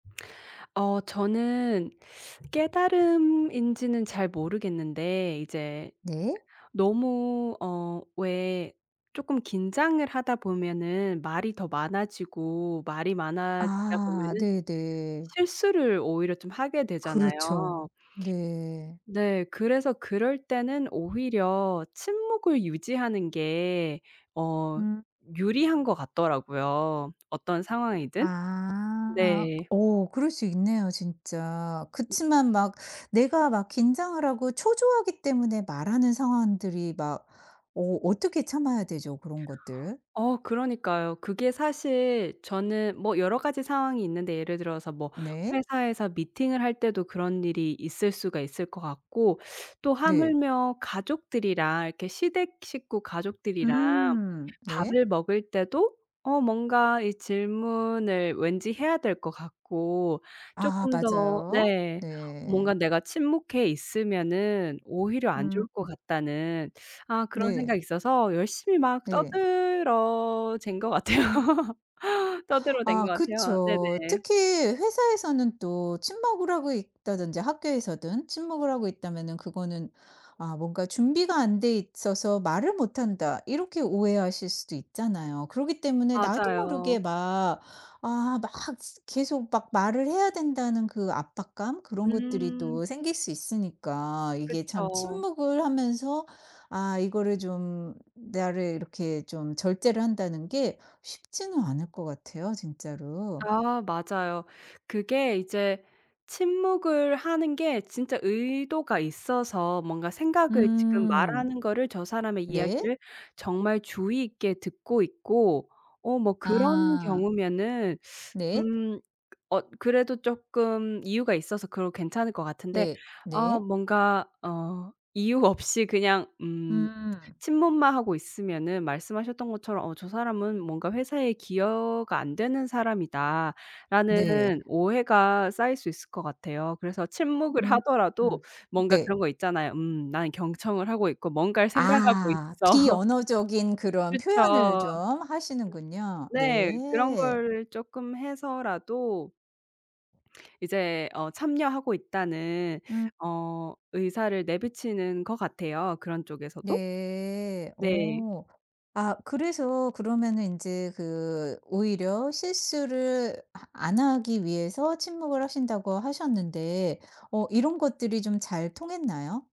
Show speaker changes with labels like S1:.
S1: 어 저는 깨달음인지는 잘 모르겠는데 이제
S2: 네.
S1: 너무 어 왜 쪼끔 긴장을 하다 보면은 말이 더 많아지고 말이 많아지다
S2: 아
S1: 보면은
S2: 네네.
S1: 실수를 오히려 좀 하게
S2: 그렇죠.
S1: 되잖아요.
S2: 네.
S1: 네. 그래서 그럴 때는 오히려 침묵을 유지하는 게 어
S2: 음.
S1: 유리한 것 같더라고요, 어떤 상황이든.
S2: 아.
S1: 네.
S2: 어 그럴 수 있네요, 진짜. 그치만 막 내가 막 긴장을 하고 초조하기 때문에 말하는 상황들이 막 어 어떻게 참아야 되죠, 그런 것들?
S1: 어 그러니까요. 그게 사실 저는 뭐 여러 가지 상황이 있는데 예를 들어서 뭐
S2: 네.
S1: 회사에서 미팅을 할 때도 그런 일이 있을 수가 있을 것 같고 또
S2: 네.
S1: 하물며 가족들이랑 이렇게 시댁 식구 가족들이랑
S2: 음 네.
S1: 밥을 먹을 때도 어 뭔가 질문을 왠지 해야 될 것 같고
S2: 아
S1: 쪼끔 더
S2: 맞아요.
S1: 네. 뭔가
S2: 네.
S1: 내가 침묵해 있으면은 오히려 안
S2: 음.
S1: 좋을 것 같다는 아 그런
S2: 네.
S1: 생각이 있어서 열심히 막
S2: 네.
S1: 떠들어댄 것 같아요.
S2: 음.
S1: 떠들어댄 것
S2: 아
S1: 같아요.
S2: 그쵸.
S1: 네네.
S2: 특히 회사에서는 또 친목을 하고 있다든지 학교에서든 친목을 하고 있다면은 그거는 아 뭔가 준비가 안 돼 있어서 말을 못 한다. 이렇게 오해하실 수도 있잖아요. 그러기 때문에 나도 모르게
S1: 맞아요.
S2: 막 아 막 계속 막 말을 해야 된다는 그 압박감 그런 것들이
S1: 음.
S2: 또 생길 수 있으니까 이게 참
S1: 그쵸.
S2: 침묵을 하면서 아 이거를 좀 나를 이렇게 좀 절제를 한다는 게 쉽지는 않을 것 같아요, 진짜로.
S1: 아 맞아요. 그게 이제 침묵을 하는 게 진짜 의도가 있어서 뭔가 생각을 지금
S2: 음.
S1: 말하는 거를 저 사람의
S2: 네.
S1: 이야기를 정말 주의 있게 듣고 있고 어 뭐 그런
S2: 아.
S1: 경우면은
S2: 네.
S1: 음 어 그래도 쪼끔 이유가 있어서 그건 괜찮을 것 같은데
S2: 네
S1: 아
S2: 네.
S1: 뭔가 어 이유 없이 그냥 음
S2: 음.
S1: 침묵만 하고 있으면은 말씀하셨던 것처럼 '어 저 사람은 뭔가 회사에 기여가 안 되는 사람이다.'라는
S2: 네.
S1: 오해가 쌓일 수 있을 것 같아요. 그래서 침묵을 하더라도
S2: 음음
S1: 뭔가
S2: 네.
S1: 그런 거 있잖아요. 음 난 경청을 하고 있고 뭔가를 생각하고
S2: 아.
S1: 있어.
S2: 비언어적인 그런 표현을
S1: 그쵸.
S2: 좀 하시는군요.
S1: 네. 그런
S2: 네.
S1: 걸 쪼끔 해서라도 이제 어 참여하고 있다는
S2: 음.
S1: 어 의사를 내비치는 것 같아요, 그런 쪽에서도.
S2: 네.
S1: 네.
S2: 어. 아 그래서 그러면은 인제 그 오히려 실수를 아 안 하기 위해서 침묵을 하신다고 하셨는데 어 이런 것들이 좀 잘 통했나요?